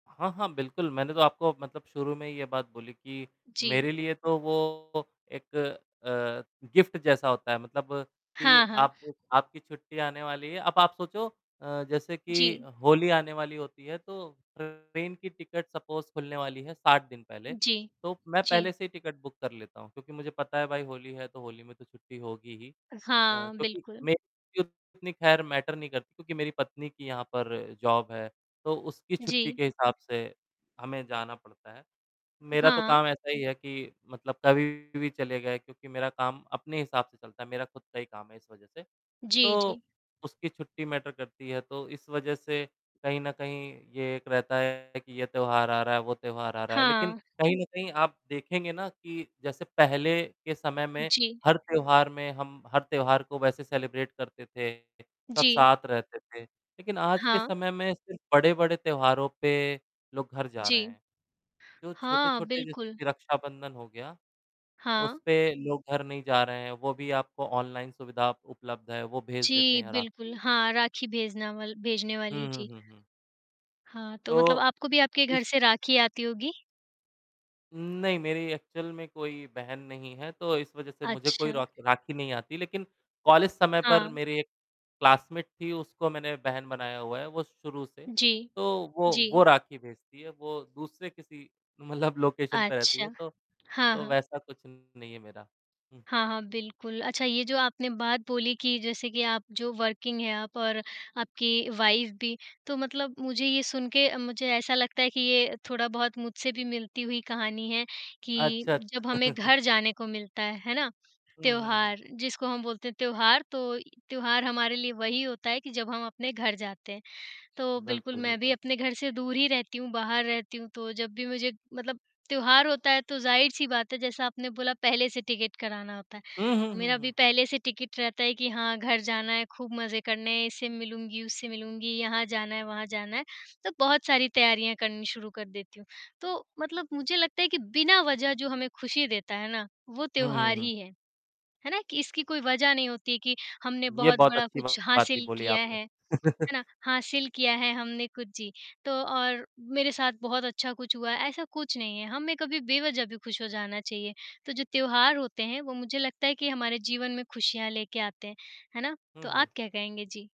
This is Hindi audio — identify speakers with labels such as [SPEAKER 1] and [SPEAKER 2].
[SPEAKER 1] हाँ, हाँ, बिल्कुल, मैंने तो आपको मतलब शुरू में ही ये बात बोली कि,
[SPEAKER 2] जी।
[SPEAKER 1] मेरे लिए तो वो एक अ, गिफ्ट जैसा होता है, मतलब कि
[SPEAKER 2] हाँ, हाँ।
[SPEAKER 1] आप आपकी छुट्टियाँ आने वाली है, अब आप सोचो अ, जैसे कि
[SPEAKER 2] जी।
[SPEAKER 1] होली आने वाली होती है, तो ट्रेन की टिकट सपोज़ खुलने वाली है 60 दिन पहले।
[SPEAKER 2] जी।
[SPEAKER 1] तो मैं
[SPEAKER 2] जी।
[SPEAKER 1] पहले से ही टिकट बुक कर लेता हूँ, क्योंकि मुझे पता है भाई होली है, तो होली में तो छुट्टी होगी ही। अ,
[SPEAKER 2] हाँ,
[SPEAKER 1] क्योंकि
[SPEAKER 2] बिल्कुल।
[SPEAKER 1] मेरी ये उतनी ख़ैर मैटर नहीं करती, क्योंकि मेरी पत्नी की यहाँ पर जॉब है, तो उसकी छुट्टी
[SPEAKER 2] जी।
[SPEAKER 1] के हिसाब से हमें जाना पड़ता है। मेरा तो
[SPEAKER 2] हाँ।
[SPEAKER 1] काम ऐसा ही है कि मतलब कभी भी चले गए, क्योंकि मेरा काम अपने हिसाब से चलता है, मेरा खुद का ही काम है इस वजह से।
[SPEAKER 2] जी,
[SPEAKER 1] तो
[SPEAKER 2] जी।
[SPEAKER 1] उसकी छुट्टी मैटर करती है, तो इस वजह से कहीं न कहीं ये एक रहता है कि ये त्योहार आ रहा है, वो त्योहार आ रहा है। लेकिन
[SPEAKER 2] हाँ।
[SPEAKER 1] कहीं न कहीं आप देखेंगे ना, कि जैसे पहले के समय में
[SPEAKER 2] जी।
[SPEAKER 1] हर त्योहार में हम हर त्योहार को वैसे सेलिब्रेट करते थे, सब
[SPEAKER 2] जी।
[SPEAKER 1] साथ रहते थे, लेकिन आज के
[SPEAKER 2] हाँ।
[SPEAKER 1] समय में सिर्फ़ बड़े-बड़े त्योहारों पे लोग घर जा रहे
[SPEAKER 2] जी।
[SPEAKER 1] हैं। जो
[SPEAKER 2] हाँ,
[SPEAKER 1] छोटे-छोटे जैसे
[SPEAKER 2] बिल्कुल।
[SPEAKER 1] कि रक्षाबंधन हो गया, उस
[SPEAKER 2] हाँ।
[SPEAKER 1] पे लोग घर नहीं जा रहे हैं, वो भी आपको ऑनलाइन सुविधा अप उपलब्ध है वो भेज देते
[SPEAKER 2] जी,
[SPEAKER 1] हैं
[SPEAKER 2] बिल्कुल,
[SPEAKER 1] राखी।
[SPEAKER 2] हाँ, राखी भेजना वल भेजने
[SPEAKER 1] हुँ,
[SPEAKER 2] वाली,
[SPEAKER 1] हुँ,
[SPEAKER 2] जी।
[SPEAKER 1] हुँ, हुँ।
[SPEAKER 2] हाँ, तो
[SPEAKER 1] तो
[SPEAKER 2] मतलब आपको भी आपके
[SPEAKER 1] इस
[SPEAKER 2] घर से राखी आती होगी?
[SPEAKER 1] उम, नहीं, मेरी एक्चुअल में कोई बहन नहीं है, तो इस वजह से मुझे कोई
[SPEAKER 2] अच्छा।
[SPEAKER 1] रॉखी राखी नहीं आती, लेकिन कॉलेज समय पर
[SPEAKER 2] हाँ।
[SPEAKER 1] मेरे एक क्लासमेट थी उसको मैंने बहन बनाया हुआ है वो शुरू से।
[SPEAKER 2] जी।
[SPEAKER 1] तो वो वो
[SPEAKER 2] जी।
[SPEAKER 1] राखी भेजती है, वो दूसरे किसी मतलब लोकेशन पे रहती है
[SPEAKER 2] अच्छा।
[SPEAKER 1] तो
[SPEAKER 2] हाँ,
[SPEAKER 1] तो
[SPEAKER 2] हाँ।
[SPEAKER 1] वैसा कुछ नहीं है मेरा। हुँ।
[SPEAKER 2] हाँ, हाँ, बिल्कुल। अच्छा ये जो आपने बात बोली कि जैसे कि आप जो वर्किंग हैं आप और आपकी वाइफ़ भी, तो मतलब मुझे ये सुन के अ, मुझे ऐसा लगता है कि ये थोड़ा-बहुत मुझसे भी मिलती हुई कहानी है, कि
[SPEAKER 1] अच्छा,
[SPEAKER 2] जब हमें
[SPEAKER 1] अच्छ
[SPEAKER 2] घर जाने को मिलता है, है ना?
[SPEAKER 1] हुँ, हुँ, हुँ।
[SPEAKER 2] त्योहार जिसको हम बोलते हैं त्योहार, तो य त्योहार हमारे लिए वही होता है कि जब हम अपने घर जाते हैं। तो बिल्कुल
[SPEAKER 1] बिल्कुल,
[SPEAKER 2] मैं भी
[SPEAKER 1] बिल्कुल।
[SPEAKER 2] अपने घर से दूर ही रहती हूँ, बाहर रहती हूँ, तो जब भी मुझे मतलब त्योहार होता है तो ज़ाहिर-सी बात है जैसा आपने बोला पहले से टिकट कराना होता है।
[SPEAKER 1] हुँ, हुँ, हुँ,
[SPEAKER 2] मेरा भी
[SPEAKER 1] हुँ।
[SPEAKER 2] पहले से टिकट रहता है कि हाँ, घर जाना है खूब मज़े करने हैं, इससे मिलूँगी, उससे मिलूँगी, यहाँ जाना है, वहाँ जाना है, तो बहुत सारी तैयारियाँ करनी शुरू कर देती हूँ। तो मतलब मुझे लगता है कि बिना वजह जो हमें खुशी देता है ना, वो
[SPEAKER 1] हुँ, हुँ,
[SPEAKER 2] त्योहार
[SPEAKER 1] हुँ।
[SPEAKER 2] ही है। है ना? कि इसकी कोई वज़ह नहीं होती है कि, हमने
[SPEAKER 1] ये
[SPEAKER 2] बहुत
[SPEAKER 1] बहुत
[SPEAKER 2] बड़ा
[SPEAKER 1] अच्छी
[SPEAKER 2] कुछ
[SPEAKER 1] बात भी
[SPEAKER 2] हासिल
[SPEAKER 1] बोली
[SPEAKER 2] किया
[SPEAKER 1] आपने।
[SPEAKER 2] है, है ना? हासिल किया है हमने कुछ, जी। तो और मेरे साथ बहुत अच्छा कुछ हुआ है, ऐसा कुछ नहीं है, हम में कभी बेवजह भी खुश हो जाना चाहिए। तो जो त्योहार होते हैं वो मुझे लगता है कि हमारे जीवन में खुशियाँ लेके आते हैं। है ना?
[SPEAKER 1] हुँ,
[SPEAKER 2] तो आप
[SPEAKER 1] हुँ।
[SPEAKER 2] क्या कहेंगे? जी।